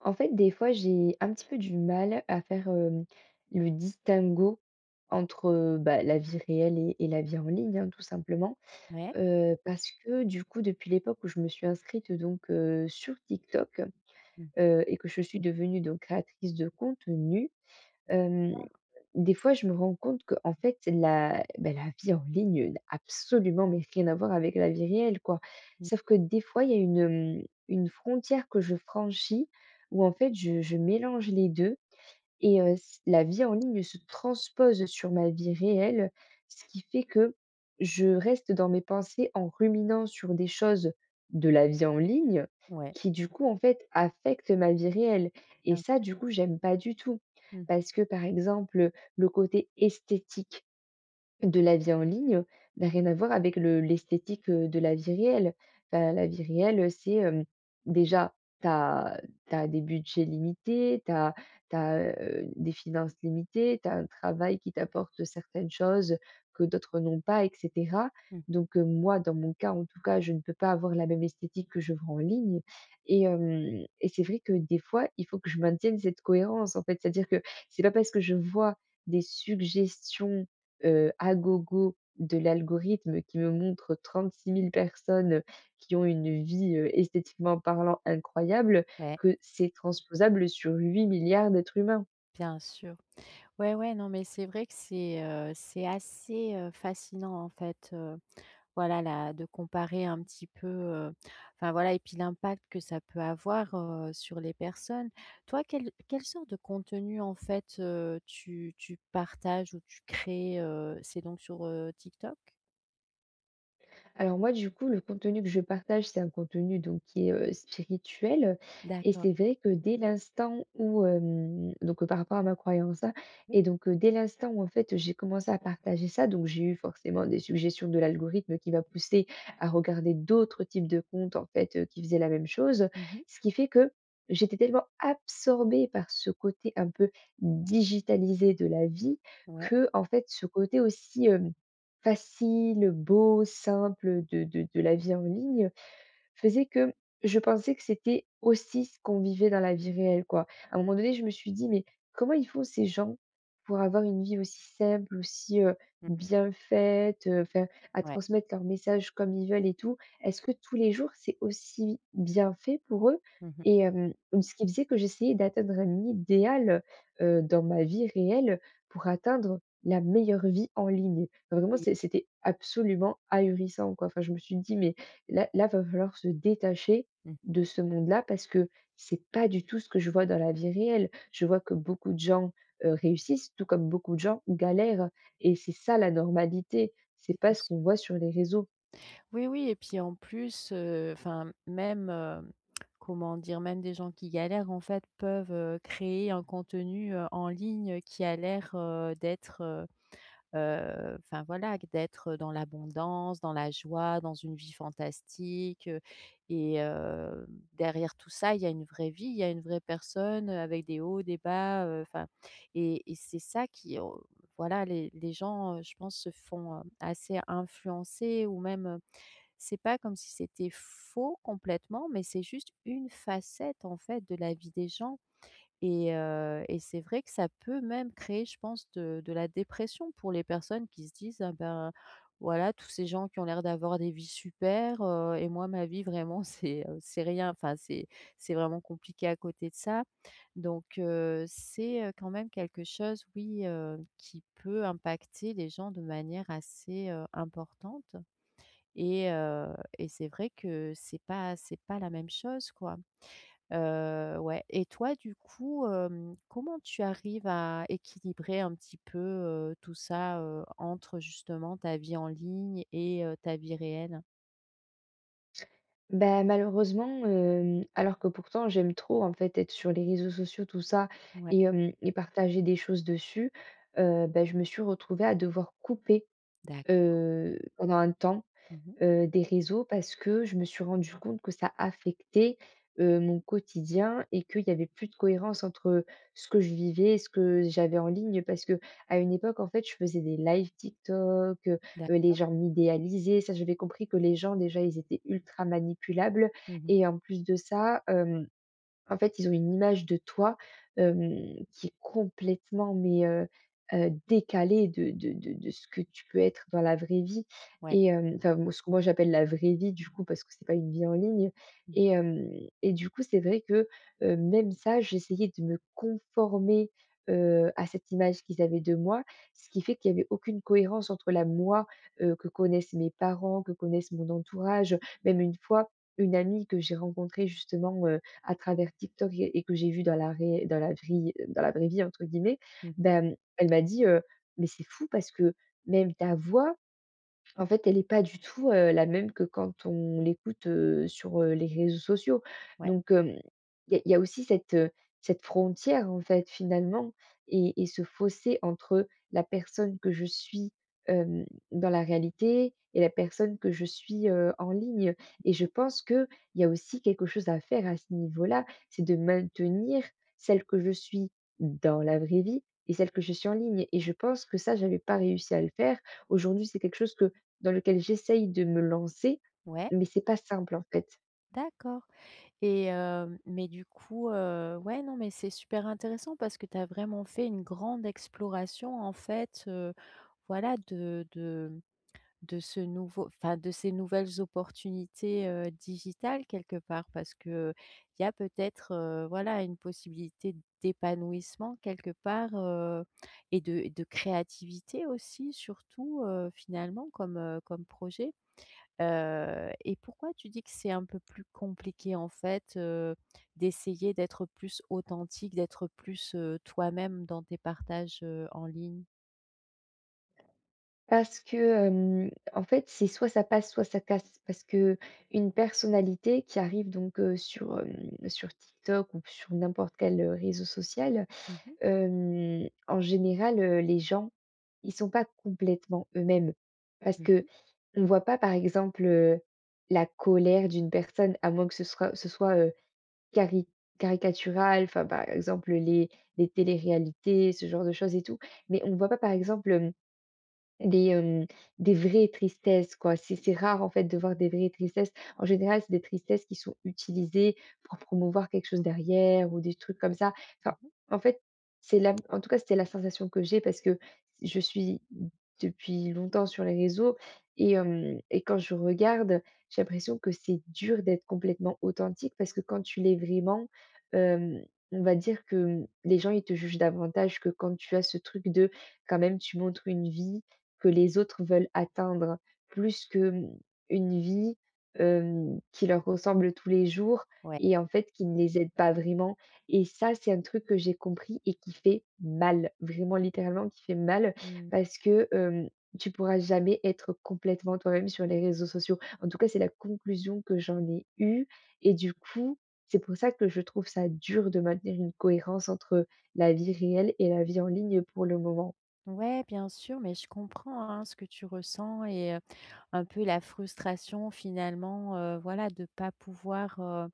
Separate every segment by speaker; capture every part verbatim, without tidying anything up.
Speaker 1: En fait, des fois, j'ai un petit peu du mal à faire, hem, le distinguo entre, heu, bah, la vie réelle et et la vie en ligne, hein, tout simplement.
Speaker 2: Ouais.
Speaker 1: Heu, parce que du coup depuis l'époque où je me suis inscrite donc heu, sur TikTok,
Speaker 2: Mmh.
Speaker 1: heu, et que je suis devenue donc créatrice de contenu, hem,
Speaker 2: Ah.
Speaker 1: des fois je me rends compte qu'en fait la bah, la vie en ligne n'a absolument mais rien à voir avec la vie réelle, quoi.
Speaker 2: Mmh.
Speaker 1: Sauf que des fois il y a une, hem, une frontière que je franchis où, en fait, je je mélange les deux et heu, c la vie en ligne se transpose sur ma vie réelle, ce qui fait que je reste dans mes pensées en ruminant sur des choses de la vie en ligne
Speaker 2: Ouais.
Speaker 1: qui, du coup, en fait, affectent ma vie réelle et
Speaker 2: Bien
Speaker 1: ça,
Speaker 2: sûr.
Speaker 1: du coup, j'aime pas du tout.
Speaker 2: Mmh.
Speaker 1: Parce que, par exemple, heu, le côté esthétique de la vie en ligne n'a rien à voir avec le l'esthétique, heu, de la vie réelle. Heu, la vie réelle, heu, c'est, hem, déjà, tu as tu as des budgets limités, tu as tu as, heu, des finances limitées, tu as un travail qui t'apporte certaines choses que d'autres n'ont pas et cetera
Speaker 2: Mmh.
Speaker 1: donc heu, moi, dans mon cas, en tout cas, je ne peux pas avoir la même esthétique que je vois en ligne et hem, et c'est vrai que, des fois, il faut que je maintienne cette cohérence, en fait, c'est-à-dire que c'est pas parce que je vois des suggestions, heu, à gogo de l'algorithme qui me montre trente-six mille personnes qui ont une vie, heu, esthétiquement parlant, incroyable,
Speaker 2: Ouais.
Speaker 1: que c'est transposable sur huit milliards d'êtres humains.
Speaker 2: Bien sûr, ouais, ouais, non mais c'est vrai que c'est, heu, c'est assez, heu, fascinant en fait, heu, voilà, là, de comparer un petit peu, heu enfin voilà et puis l'impact que ça peut avoir, heu, sur les personnes. Toi, quelle quelle sorte de contenu en fait, heu, tu tu partages ou tu crées, heu, c'est donc sur, heu, TikTok?
Speaker 1: Alors moi du coup, le contenu que je partage, c'est un contenu donc qui est, heu, spirituel et
Speaker 2: D'accord.
Speaker 1: c'est vrai que dès l'instant où, hem, donc par rapport à ma croyance, hein,
Speaker 2: Oui.
Speaker 1: et donc, heu, dès l'instant où en fait, j'ai commencé à partager ça, donc j'ai eu forcément des suggestions de l'algorithme qui m'a poussé à regarder d'autres types de compte en fait, heu, qui faisaient la même chose.
Speaker 2: Mmh mh.
Speaker 1: Ce qui fait que, j'étais tellement absorbée par ce côté un peu digitalisé de la vie,
Speaker 2: Ouais.
Speaker 1: qu'en fait, ce côté aussi, hem, facile, beau, simple de de de la vie en ligne, faisait que je pensais que c'était aussi ce qu'on vivait dans la vie réelle, quoi. À un moment donné, je me suis dit: «Mais, comment ils font ces gens pour avoir une vie aussi simple? Aussi, heu,
Speaker 2: [unintelligible]
Speaker 1: bien faite? Heu, enfin, à
Speaker 2: Ouais.
Speaker 1: transmettre leurs messages comme ils veulent et tout, est-ce que tous les jours c'est aussi bien fait pour eux?»
Speaker 2: Mmh mh.
Speaker 1: Et hem, donc ce qui faisait que j'essayais d'atteindre un idéal, heu, dans ma vie réelle pour atteindre la meilleure vie en ligne. Enfin vraiment
Speaker 2: Mmh.
Speaker 1: c c'était absolument, ahurissant quoi, enfin, je me suis dit: «Mais là là, va falloir se détacher
Speaker 2: Mmh.
Speaker 1: de ce monde-là, parce que c'est pas du tout ce que je vois dans la vie réelle. Je vois que beaucoup de gens, heu, réussissent tout comme beaucoup de gens galèrent» et c'est ça la normalité,
Speaker 2: Oui.
Speaker 1: c'est pas
Speaker 2: Bien
Speaker 1: ce
Speaker 2: sûr.
Speaker 1: qu'on voit sur les réseaux.
Speaker 2: Oui, oui et puis en plus, heu, enfin même, hem, comment dire, même des gens qui galèrent en fait peuvent, heu, créer un contenu, heu, en ligne qui a l'air, heu, d'être, heu heu, enfin voilà, q d'être, heu, dans l'abondance, dans la joie, dans une vie fantastique et hem, derrière tout ça, il y a une vraie vie, il y a une vraie personne, heu, avec des hauts, des bas, heu, enfin, et et c'est ça qu'au voilà les les gens, heu, je pense se font, hem, assez influencer ou même, heu, c'est pas comme si c'était faux complètement mais c'est juste une facette, en fait, de la vie des gens et heu et c'est vrai que ça peut même créer je pense de de la dépression pour les personnes qui se disent: «Ah bah, voilà tous ces gens qui ont l'air d'avoir des vies super, heu et moi ma vie vraiment c'est, heu, c'est rien, enfin c'est c'est vraiment compliqué à côté de ça». Donc heu, c'est, heu, quand même quelque chose, oui, heu, qui peut impacter les gens de manière assez, heu, importante. Et heu et c'est vrai que c'est pas c'est pas la même chose, quoi, heu, ouais. Et toi, du coup, hem, comment tu arrives à équilibrer un petit peu, heu, tout ça, heu, entre justement ta vie en ligne et heu, ta vie réelle?
Speaker 1: Bah, malheureusement, hem, alors que pourtant j'aime trop, en fait, être sur les réseaux sociaux tout ça
Speaker 2: Mouais.
Speaker 1: et hem et partager des choses dessus, heu, bah, je me suis retrouvée à devoir couper,
Speaker 2: D'accord.
Speaker 1: heu, pendant un temps,
Speaker 2: Mmh mh.
Speaker 1: heu, des réseaux parce que je me suis rendue compte que ça affectait, heu, mon quotidien et qu'il y avait plus de cohérence, entre ce que je vivais et ce que j'avais en ligne, parce qu'à une époque, en fait, je faisais des lives TikTok, heu, les
Speaker 2: D'accord.
Speaker 1: gens m'idéalisaient. Ça j'avais compris que les gens déjà, ils étaient ultra manipulables.
Speaker 2: Mmh mh.
Speaker 1: Et en plus de ça, hem, en fait, ils ont une image de toi, hem, qui est complètement mais, heu heu, décalée de de de de ce que tu peux être dans la vraie vie.
Speaker 2: Ouais.
Speaker 1: Et hem, enfin, m ce que moi j'appelle la vraie vie, du coup, parce que c'est pas une vie en ligne.
Speaker 2: Mmh.
Speaker 1: Et hem et du coup, c'est vrai que, heu, même ça, j'essayais de me conformer, heu, à cette image qu'ils avaient de moi. Ce qui fait qu'il y avait aucune cohérence entre la moi, heu, que connaissent mes parents, que connaissent mon entourage. Heu, même une fois, une amie que j'ai rencontrée justement, heu, à travers TikTok et et que j'ai vue dans la réell dans la vrie heu, «dans la vraie vie», entre guillemets.
Speaker 2: Mmh mh.
Speaker 1: Bah, hem, elle m'a dit, heu: «Mais c'est fou parce que même ta voix, en fait, elle est pas du tout, heu, la même que quand on l'écoute, heu, sur, heu, les réseaux sociaux».
Speaker 2: Ouais.
Speaker 1: Donc hem, il y a il y a aussi cette, heu, cette frontière, en fait, finalement et et ce fossé entre la personne que je suis, hem, dans la réalité et la personne que je suis, heu, en ligne. Et je
Speaker 2: Mmh mh.
Speaker 1: pense qu'il y a aussi quelque chose à faire à ce niveau-là. C'est de maintenir, celle que je suis, dans la vraie vie et celle que je suis en ligne. Et je pense que ça, j'avais pas réussi à le faire. Aujourd'hui c'est quelque chose que dans lequel j'essaie de me lancer.
Speaker 2: Ouais.
Speaker 1: Mais c'est pas simple en fait.
Speaker 2: D'accord et hem, mais du coup, heu, ouais, non, mais c'est super intéressant parce que tu as vraiment fait une grande exploration en fait, heu, voilà de de, hem, de ce nouveau enfin, de ces nouvelles opportunités, heu, digitales, quelque part, parce qu'il y a peut-être, heu, voilà, une possibilité d'épanouissement, quelque part, heu, et de et de créativité aussi surtout, heu, finalement comme, heu, comme projet. Heu et pourquoi tu dis que c'est un peu plus compliqué en fait, heu, d'essayer d'être plus authentique d'être plus, heu, toi-même dans tes partages, heu, en ligne?
Speaker 1: Parce que, hem, en fait, c'est soit ça passe, soit ça casse, parce qu'une personnalité qui arrive donc, heu, sur, hem, sur TikTok ou p sur n'importe quel, heu, réseau social.
Speaker 2: Mmh mh.
Speaker 1: Hem, en général, heu, les gens ils sont pas complètement eux-mêmes parce
Speaker 2: Mmh
Speaker 1: qu'on
Speaker 2: mh.
Speaker 1: voit pas, par exemple, heu, la colère d'une personne à moins que ce sroit ce soit, heu, cari caricatural, enfin, par exemple, les les téléréalités, ce genre de choses et tout mais on ne voit pas par exemple, hem, des, hem, des vraies tristesses quoi, c'est c'est rare en fait de voir des vraies tristesses. En général, c'est des tristesses qui sont utilisées pour promouvoir quelque chose derrière ou des trucs comme ça, enfin,
Speaker 2: Mmh mh.
Speaker 1: en fait, c'est là, en tout cas c'était la sensation que j'ai parce que je suis d depuis longtemps sur les réseaux et hem et quand je regarde, j'ai l'impression que c'est dur d'être complètement authentique, parce que quand tu l'es vraiment, hem, on va dire que, hem, les gens ils te jugent davantage que quand tu as ce truc de, quand même, tu montres une vie que les autres veulent atteindre plus que, hem, une vie, hem, qui leur ressemble tous les jours
Speaker 2: Ouais.
Speaker 1: et en fait, qui ne les aident pas vraiment et ça, c'est un truc que j'ai compris et qui fait mal, vraiment, littéralement, qui fait mal
Speaker 2: Mmh.
Speaker 1: parce que, hem, tu pourras jamais être complètement toi-même sur les réseaux sociaux. En tout cas, c'est la conclusion que j'en ai eu et du coup, c'est pour ça que je trouve ça dur de maintenir une cohérence entre la vie réelle et la vie en ligne, pour le moment.
Speaker 2: Ouais, bien sûr mais je comprends, hein, ce que tu ressens et heu, un peu la frustration finalement, heu, voilà, de pas pouvoir, heu,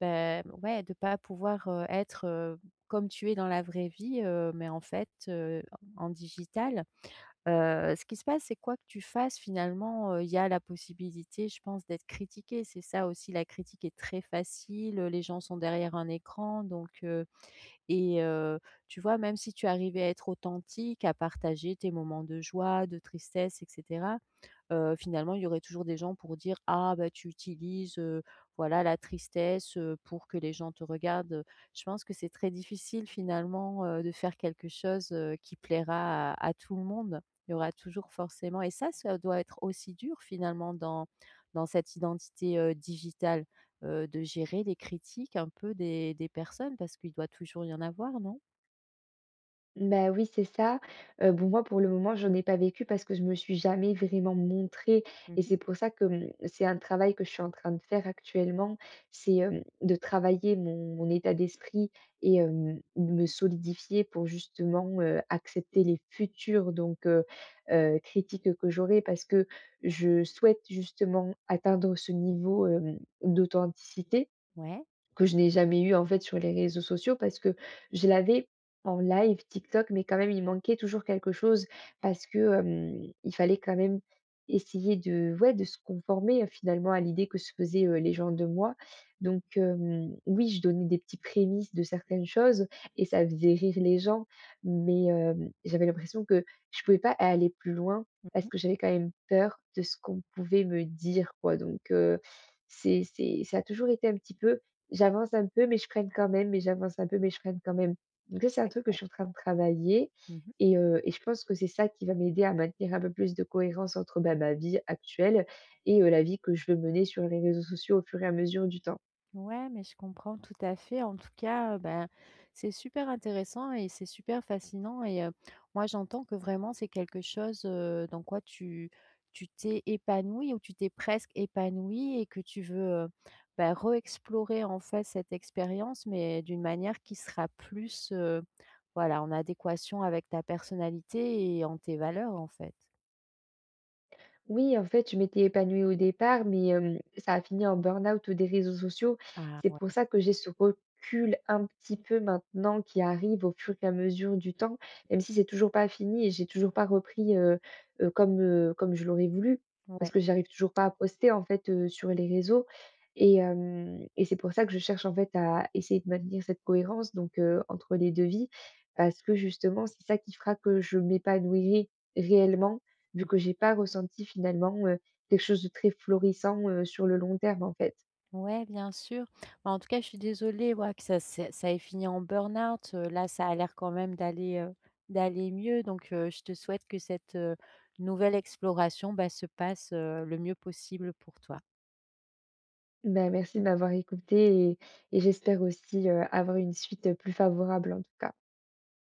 Speaker 2: ben, m ouais, de pas pouvoir, heu, être, heu, comme tu es dans la vraie vie, heu, mais en fait, heu, en en digital. Heu, ce qui se passe c'est quoi que tu fasses finalement, heu, il y a la possibilité je pense d'être critiquée, c'est ça aussi la critique est très facile, heu, les gens sont derrière un écran donc heu, et heu, tu vois même si tu arrivais à être authentique à partager tes moments de joie, de tristesse et cetera, heu, finalement il y aurait toujours des gens pour dire: «Ah bah, tu utilises, heu, voilà, la tristesse, heu, pour que les gens te regardent», heu, je pense que c'est très difficile finalement, heu, de faire quelque chose, heu, qui plaira à à tout le monde. Il y aura toujours forcément et ça, ça doit être aussi dur finalement dans dans cette identité, heu, digitale, heu, de gérer des critiques un peu des des personnes parce qu'il doit toujours y en avoir, non?
Speaker 1: Ben oui c'est ça! Heu, bon, moi pour le moment, j'en ai pas vécu parce que je me suis jamais vraiment montrée
Speaker 2: Mmh
Speaker 1: et
Speaker 2: mh.
Speaker 1: c'est pour ça que, mmh, c'est un travail que je suis en train de faire actuellement, c'est, hem, de travailler mon mon état d'esprit et hem, de me solidifier pour justement, heu, accepter les futures donc heu heu, critiques que j'aurai, parce que je souhaite, justement, atteindre ce niveau, hem, d'authenticité.
Speaker 2: Ouais.
Speaker 1: Que je n'ai jamais eu en fait sur les réseaux sociaux, parce que je l'avais en live Tik Tok mais quand même il manquait toujours quelque chose parce que, hem, il fallait quand même essayer de, ouais, de se conformer, heu, finalement à l'idée que se faisaient, heu, les gens de moi, donc hem, oui, je donnais des petits prémices de certaines choses et ça faisait rire les gens, mais hem, j'avais l'impression que je pouvais pas aller plus loin
Speaker 2: Mmh
Speaker 1: parce
Speaker 2: mh.
Speaker 1: que j'avais quand même peur de ce qu'on pouvait me dire, quoi donc heu, c'est c'est ça a toujours été un petit peu, j'avance un peu mais je freine quand même mais j'avance un peu mais je freine quand même, donc ça, c'est un truc que je
Speaker 2: D'accord.
Speaker 1: suis en train de travailler
Speaker 2: Mmh mh.
Speaker 1: et heu, et je pense que c'est ça qui va m'aider à maintenir un peu plus de cohérence entre, heu, bah, ma vie actuelle et heu, la vie que je veux mener sur les réseaux sociaux au fur et à mesure du temps.
Speaker 2: Ouais, mais je comprends tout à fait. En tout cas, heu, ben, c'est super intéressant et c'est super fascinant et heu, moi j'entends que vraiment c'est quelque chose, heu, dans quoi tu tu t'es épanouie ou tu t'es presque épanouie et que tu veux, heu, bah, re explorer, en fait, cette expérience mais d'une manière qui sera plus, heu, voilà, en adéquation avec ta personnalité et en tes valeurs, en fait.
Speaker 1: Oui, en fait, je m'étais épanouie au départ, mais hem, ça a fini en burn-out des réseaux sociaux.
Speaker 2: Ah
Speaker 1: C'est pour
Speaker 2: ouais!
Speaker 1: ça que j'ai ce recul, un petit peu, maintenant qui arrive au fur et à mesure du temps. Même si c'est toujours pas fini et j'ai toujours pas repris, heu heu, comme, heu, comme je l'aurais voulu. Parce
Speaker 2: Ouais.
Speaker 1: que j'arrive toujours pas à poster en fait, heu, sur les réseaux et hem, et c'est pour ça que je cherche, en fait, à essayer de maintenir cette cohérence donc heu, entre les deux vies. Parce que, justement, c'est ça qui fera que je m'épanouirais réellement, vu
Speaker 2: Mmh.
Speaker 1: que j'ai pas ressenti finalement, heu, quelque chose de très florissant, heu, sur le long terme, en fait.
Speaker 2: Ouais, bien sûr. Bah, en tout cas, je suis désolée, oua que ça c'est ça ait fini en burn-out. Heu, là ça a l'air quand même d'aller, heu, d'aller mieux donc heu, je te souhaite que cette, heu, nouvelle exploration, bah, se passe, heu, le mieux possible pour toi.
Speaker 1: Bah, merci de m'avoir écoutée et et j'espère aussi, heu, avoir une suite, heu, plus favorable, en tout cas.